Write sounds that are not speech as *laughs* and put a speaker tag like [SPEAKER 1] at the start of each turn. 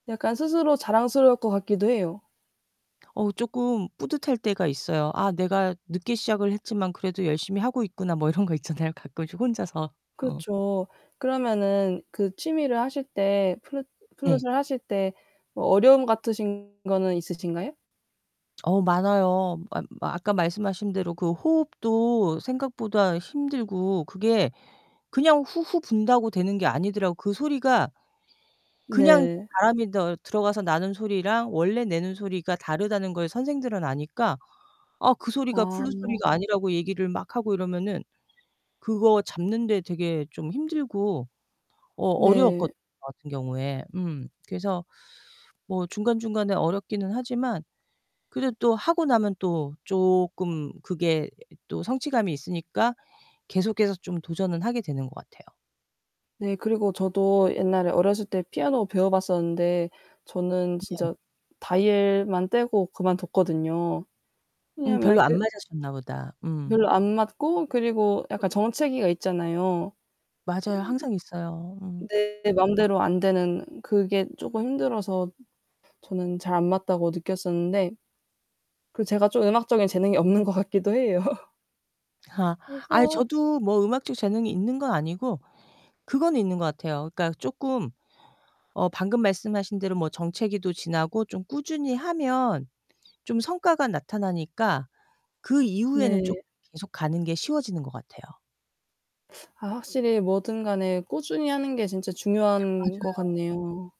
[SPEAKER 1] 약간 스스로 자랑스러울 거 같기도 해요.
[SPEAKER 2] 어우, 쪼끔 뿌듯할 때가 있어요. '아, 내가 늦게 시작을 했지만 그래도 열심히 하고 있구나.' 뭐 이런 거 있잖아요. 가끔씩 혼자서. 어.
[SPEAKER 1] 그렇죠. 그러면은 그 취미를 하실 때 플루
[SPEAKER 2] 네.
[SPEAKER 1] 플룻을 하실 때 뭐 어려움 같으신 거는 있으신가요?
[SPEAKER 2] 어우, 많아요. 아 아까 말씀하신대로 그 호흡도 생각보다 힘들고, 그게 그냥 후후 분다고 되는 게 아니더라고요. 그 소리가 그냥 이렇게
[SPEAKER 1] 네.
[SPEAKER 2] 바람이 더 들어가서 나는 소리랑 원래 내는 소리가 다르다는 걸 선생들은 아니까 아 그 소리가
[SPEAKER 1] 아.
[SPEAKER 2] 플룻 소리가 아니라고 얘기를 막 하고 이러면은 그거 잡는데 되게 좀 힘들고 어
[SPEAKER 1] 네.
[SPEAKER 2] 어려웠거든요 저 같은 경우에. 음 그래서 뭐 중간중간에 어렵기는 하지만 그래도 하고 나면 또 쪼끔 그게 또 성취감이 있으니까 계속해서 좀 도전을 하게 되는 것 같아요.
[SPEAKER 1] 네, 그리고 저도 옛날에 어렸을 때 피아노 배워봤었는데 저는
[SPEAKER 2] 네.
[SPEAKER 1] 진짜 다이엘만 떼고 그만 뒀거든요.
[SPEAKER 2] 음
[SPEAKER 1] 왜냐면
[SPEAKER 2] 별로 안
[SPEAKER 1] 그
[SPEAKER 2] 맞았었나 보다. 음.
[SPEAKER 1] 별로 안 맞고 그리고 약간 정체기가 있잖아요.
[SPEAKER 2] 맞아요. 항상 있어요. 음.
[SPEAKER 1] 내 맘대로 안되는 그게 쪼끔 힘들어서 저는 잘 안맞다고 느꼈었는데 그 제가 좀 음악적인 재능이 없는 것 같기도 해요. *laughs*
[SPEAKER 2] 아 아이
[SPEAKER 1] 그래서
[SPEAKER 2] 저도 뭐 음악적 재능이 있는 건 아니고, 그거는 있는 것 같아요. 그니까 쪼끔 어 방금 말씀하신대로 뭐 정체기도 지나고 좀 꾸준히 하면 좀 성과가 나타나니까 그 이후에는 쭉
[SPEAKER 1] 네.
[SPEAKER 2] 계속 가는 게 쉬워지는 것 같아요.
[SPEAKER 1] 아 확실히 뭐든 간에 꾸준히 하는 게 진짜 중요한 것
[SPEAKER 2] 맞아요.
[SPEAKER 1] 같네요.